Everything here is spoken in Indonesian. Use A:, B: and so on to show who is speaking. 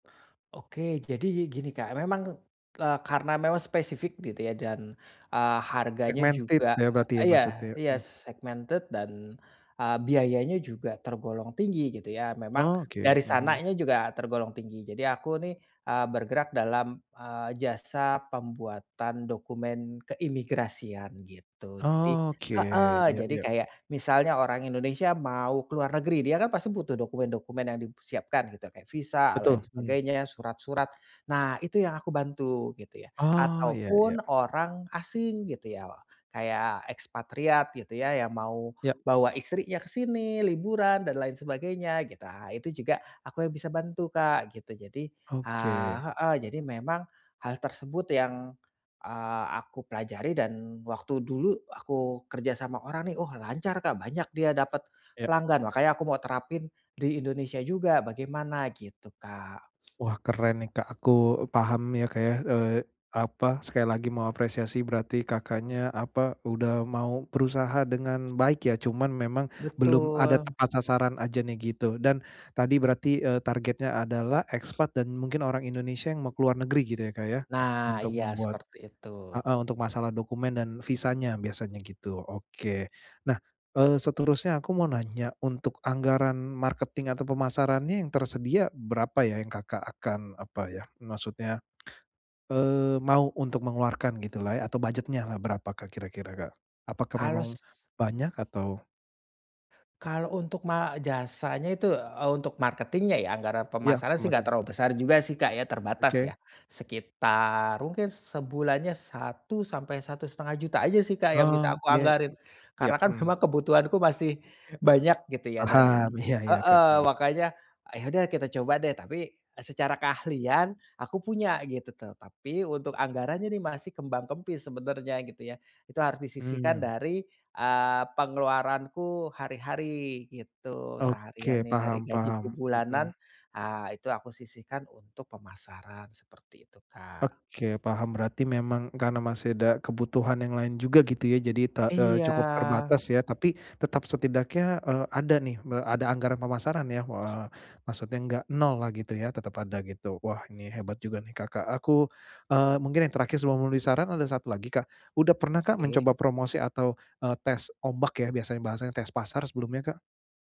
A: Oke jadi yi gini Kak, memang, eee, karena memang spesifik gitu ya, dan, eee, harganya
B: Segmented
A: juga
B: ya, berarti ya
A: iya
B: maksudnya,
A: iya
B: mmm.
A: segmented dan, eee, biayanya juga tergolong tinggi gitu ya, memang
B: Oh oke,
A: dari
B: mhm.
A: sananya juga tergolong tinggi. Jadi aku nih, eee, bergerak dalam, eee, jasa pembuatan dokumen keimigrasian, gitu. Jadi
B: Oh oke,
A: heeh,
B: iya
A: jadi
B: iya.
A: kayak, misalnya orang Indonesia mau ke luar negeri, dia kan pasti butuh dokumen-dokumen yang dipersiapkan gitu, kayak visa, hal
B: Betul,
A: lain
B: mmm.
A: sebagainya, surat-surat, nah itu yang aku bantu, gitu ya.
B: Oh, iya iya.
A: Ataupun orang asing gitu ya, kayak ekspatriat gitu ya, yang mau
B: Iya.
A: bawa istrinya ke sini, liburan dan lain sebagainya, gitu, ah itu juga aku yang bisa bantu Kak, gitu. Jadi, eee
B: Oke.
A: heeh, jadi memang hal tersebut yang, eee, aku pelajari dan waktu dulu aku kerja sama orang nih, oh lancar Kak, banyak dia dapet
B: Iya.
A: pelanggan. Makanya aku mau terapin di Indonesia juga, bagaimana, gitu Kak.
B: Wah, keren nih Kak, aku paham ya Kak ya, eee, apa, sekali lagi mau apresiasi, berarti Kakaknya apa, udah mau berusaha dengan baik ya, cuman memang belum ada
A: Betul.
B: tepat sasaran aja nih, gitu. Dan, tadi berarti, eee, targetnya adalah ekspat dan mungkin orang Indonesia yang mau keluar negeri gitu ya Kak ya,
A: Nah,
B: untuk
A: iya
B: membuat
A: seperti itu.
B: heeh untuk masalah dokumen dan visanya, biasanya gitu, oke. Nah, eee, seterusnya aku mau nanya, untuk anggaran marketing atau pemasarannya yang tersedia berapa ya yang Kakak akan apa ya, maksudnya, eee, mau untuk mengeluarkan gitulah ya, atau budget-nyalah, berapakah kira-kira Kak? Apakah
A: Kalau
B: memang
A: s
B: banyak atau
A: Kalau untuk ma jasanya itu untuk, eee untuk marketing-nya ya, nggak ada
B: Iya,
A: permasalahan sih, nggak
B: pemasaran.
A: terlalu besar juga sih Kak ya, terbatas
B: Oke.
A: ya. Sekitar, mungkin sebulannya Rp1.000.000-Rp1.500.000 aja sih Kak yang bisa
B: Oh,
A: aku
B: biaya
A: anggarin,
B: iya,
A: karena kan
B: mmm.
A: memang kebutuhanku masih banyak gitu ya, dan
B: Paham, iya iya Kak,
A: heeh,
B: mmm.
A: makanya, ah ya udah kita coba deh. Tapi, eee, secara keahlian aku punya gitu tuh, tapi untuk anggarannya nih masih kembang kempis sebenarnya gitu ya. Itu harus disisihkan
B: Mmm.
A: dari, eee, pengeluaranku hari-hari gitu, seharian
B: Oke,
A: nih dari
B: paham
A: gajiku
B: paham,
A: bulanan,
B: mmm.
A: ah itu aku sisihkan untuk pemasaran, seperti itu Kak.
B: Oke, paham, berarti memang karena masih ada kebutuhan yang lain juga gitu ya, jadi te eee, cukup
A: Iya.
B: terbatas ya. Tapi, tetap, setidaknya, eee, ada nih me ada anggaran pemasaran ya, eee, maksudnya nggak nollah gitu ya, tetap ada gitu. Wah, ini hebat juga nih Kakak, aku, eee, mungkin yang terakhir sebelum memberi saran, ada satu lagi Kak. Udah pernah Kak,
A: Oke.
B: mencoba promosi atau, eee, tes ombak ya, biasanya bahasanya tes pasar sebelumnya Kak?